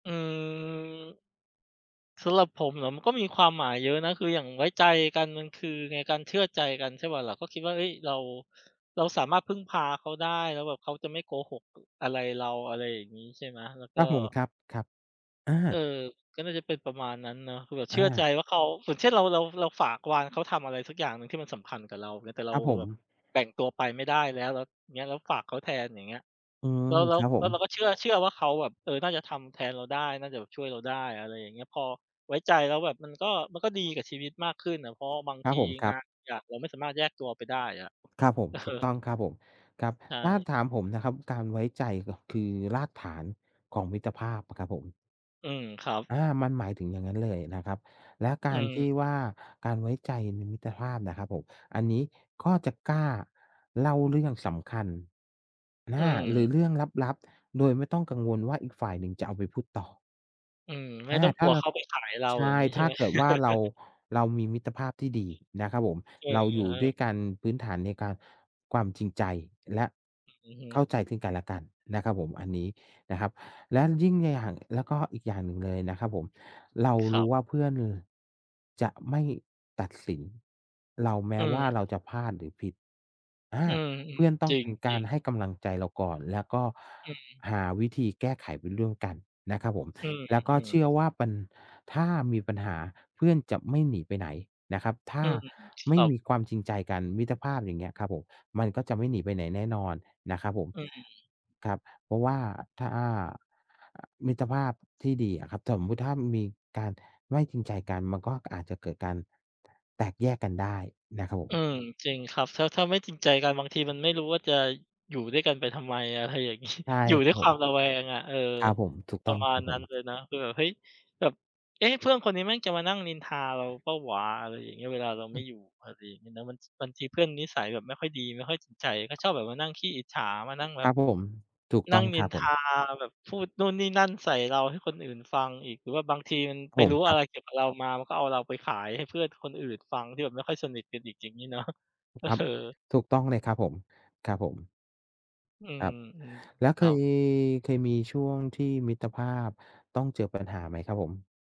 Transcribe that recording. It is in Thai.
อืม สำหรับผมเหรอ? มันก็มีความหมายเยอะนะ คืออย่างไว้ใจกันมันคือไง? การเชื่อใจกันใช่เปล่าล่ะ? ก็คิดว่า เฮ้ย เรา เราสามารถพึ่งพาเขาได้ แล้วแบบเขาจะไม่โกหก อ อะไรเรา อะไรอย่างงี้ ใช่ไหม แล้วกค็ รับผม ครับ ๆ อา เอ่อ ก็น่าจะเป็นประมาณนั้นเนาะ คือแบบอเชื่อใจา ว่าเขา อย่างเช่น เรา เรา เราฝากวานเขาทำอะไรสักอย่างหนึ่งที่มันสำคัญกับเรา เงี้ย แต่เรคารับผแบบม แบ่งตัวไปไม่ได้แล้ว แล้วอย่างเงี้ย แล้วฝากเขาแทน อย่างเงี้ย อืม แล้ว แล้คว รับผแล้วเราม ก็เชื่อ เชื่อว่าเขาแบบ เออ น่าจะทำแทนเราได้ น่าจะแบบช่วยเราได้ อะไรอย่างเงี้ย พอไว้ใจแล้วแบบมันก็ มันก็ดีกับชีวิตมากขึ้นน่ะ เพราะว่าบางครทับีผม ครงับ านบางอย่างเราไม่สามารถแยกตัวไปได้อะ เครับผม อถูกอ ต้องครับผม ครับ ใชถ้า่ ถามผมนะครับ การไว้ใจก็คือรากฐานของมิตรภาพอะครับผม อือ ครับ อา มันหมายถึงอย่างงั้นเลยนะครับ และกอารทืม ี่ว่า การไว้ใจในมิตรภาพน่ะครับผม อันนี้ก็จะกล้าเล่าเรื่องสำคัญ ออืา หรม ือเรื่องลับ ๆ โดยไม่ต้องกังวลว่า อีกฝ่ายหนึ่งจะเอาไปพูดต่อ อืม ไม่อา ต้องถกล้ัาวเรเา ขาไปขายเรา ใชอย่่ างงี้ใชถ่้าไหม? เกิดว่าเรา เรามีมิตรภาพที่ดีนะครับผม เอเราอยู่ดอ ้ๆ วยกันพื้นฐานในการ ความจริงใจ และอือ อือฮเข้ึ าใจซึ่งกันและกันนะครับผม อันนี้นะครับ และยิ่ง น อย่าง แล้วก็อีกอย่างหนึ่งเลยนะครับผม เราครรัูบ ้ว่าเพื่อนจะไม่ตัดสินเราแมอื้ว่าม เราจะพลาดหรือผิด อา อืม เพื่อนตๆ ้จองรเป็นกาิรง ๆ ให้กำลังใจเราก่อน แล้วก็อืม หาวิธีแก้ไขไปร่วมกันนะครับผม อืแล้วก็ม เชๆ ื่อว่าปัญ ถ้ามีปัญหาเพื่อนจะไม่หนีไปไหนนะครับ ถ้อืาม ไมค่รับ มีความจริงใจกัน มิตรภาพ อย่างเงี้ยครับผม มันก็จะไม่หนีไปไหนแน่นอนนะครับผม อืม ครับ เพราะว่าถ้า อา อ มิตรภาพที่ดีอะครับ สมมุติถ้ามันมีการไม่จริงใจกัน มันก็อาจจะเกิดการแตกแยกกันได้นะครับผอืม ม จริงครับ ถ้า ถ้าไม่จริงใจกันบางทีมันไม่รู้ว่าจะอยู่ด้วยกันไปทำไม อะไรอย่าง งี้ ใช่ อยู่คดร้วับยผควม ามระแวงอะ เออ ครับผม ถูกปตร้อะงมาครณับผนั้นม เลยนะ คือแบบ เฮ้ย แบบ "เอ๊ะ เพื่อนคนนี้แม่งจะมานั่งนินทาเราเปล่าวะ?" อะไรอย่างงี้ เวลาเราอไมื่ม อยู่ อะไรอย่างงี้นะ บาง ท บางทีเพื่อนนิสัยแบบไม่ค่อยดี ไม่ค่อยสนใจ ก็ชอบแบบมานั่งขี้อิจฉา มานั่งแบคบ รับผม ถูกนตั้่องงนิครันบทผาม แบบพูดนู่นนี่นั่นใส่เราให้คนอื่นฟังอีก หรือว่าบางทีมันผไปมรู้คอรัะไบ รเกี่ยวกับเรามา มันก็เอาเราไปขายให้เพื่อนคนอื่นฟังที่แบบไม่ค่อยสนิทกันอีก อย่างงี้ เนาะ ถูกครับ เออ ถูกต้องเลยครับผม ครับผม อืครม ับ แล้วๆ คเครับ ย เคยมีช่วงที่มิตรภาพต้องเจอปัญหาไหมครับผม?